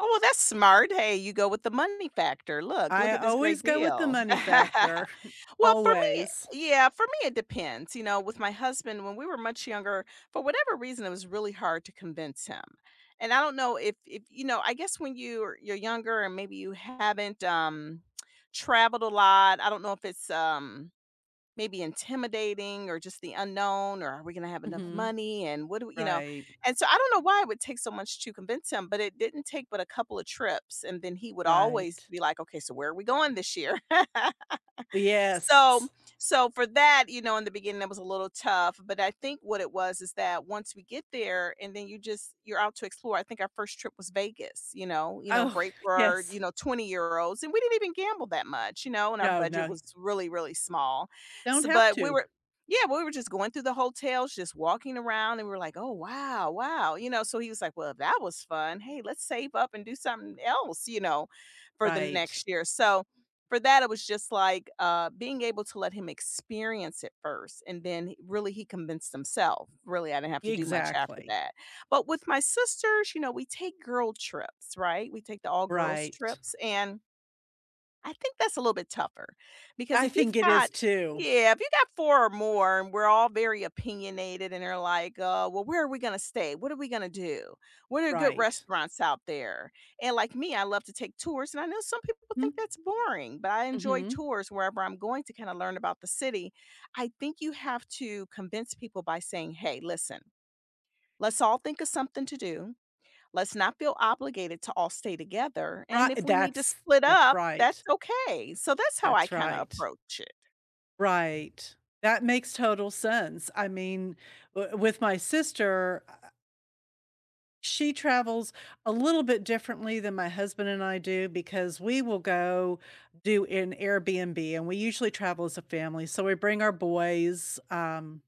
Oh well, that's smart, hey, you go with the money factor, look look I at this always great go with the deal. money factor, Well, for me, uh, always. yeah, for me it depends, you know, with my husband, when we were much younger, for whatever reason, it was really hard to convince him. And I don't know if if, you know, I guess when you're you're younger and maybe you haven't, um, traveled a lot, I don't know if it's, um, maybe intimidating, or just the unknown, or "Are we gonna have enough Mhm, money, and what do we" you know, right. and so I don't know why it would take so much to convince him, but it didn't take but a couple of trips, and then he would always Right. be like, “Okay, so where are we going this year?” So Yes. so for that you know, in the beginning it was a little tough, but I think what it was is that once we get there, and then you just you're out to explore, I think our first trip was Vegas, you know you know, Oh, great for yes. you know, €20 and we didn't even gamble that much, you know, and our No, budget no. was really, really small, Don't s have but we to. were yeah, we were just going through the hotels, just walking around, and we're like, “Oh wow, wow,” you know, so he was like, “Well, that was fun, hey, let's save up and do something else,” you know, for the Right. next year. So, for that it was just like, uh, being able to let him experience it first, and then h really he convinced himself, really, I didn't have to do much after Exactly. that. But with my sisters, you know, we take girl trips, right, we take the all girls Right. trips and I think that's a little bit tougher, because I if you've think it got is too. yeah, if you got 4 or more, and we're all very opinionated, and they're like, "Uh, well, where are we gonna stay? What are we gonna do? What are good Right. restaurants out there?" And like me, I love to take tours, and I know some people think Hmm. that's boring, but I enjoy Mhm. tours wherever I'm going to kind of learn about the city. I think you have to convince people by saying, “Hey, listen, let's all think of something to do, let's not feel obligated to all stay together, Righ and if we need to that's split that's up, that's right. okay.” So that's how I That's kinda right. approach it. Right. That makes total sense, I mean, w with my sister I I She travels a little bit differently than my husband and I do, because we will go do an Airbnb, and we usually travel as a family, so we bring our boys, um,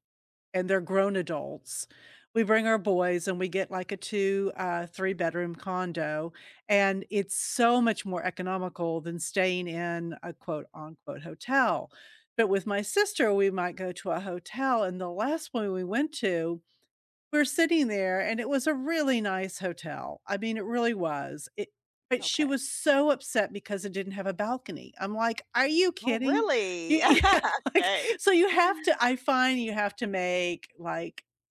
and they're grown adults. We bring our boys and we get, like, a two, uh, three-bedroom condo, and it's so much more economical than staying in a quote, unquote “hotel.” But with my sister, we might go to a hotel, and the last one we went to, we're sitting there and it was a really nice hotel, I mean, it really was, it but she Okay. was so upset because it didn't have a balcony. I'm like, "Are you Oh, kidding?" Y really? yeah, like, Okay. so you have to I find you have to make, like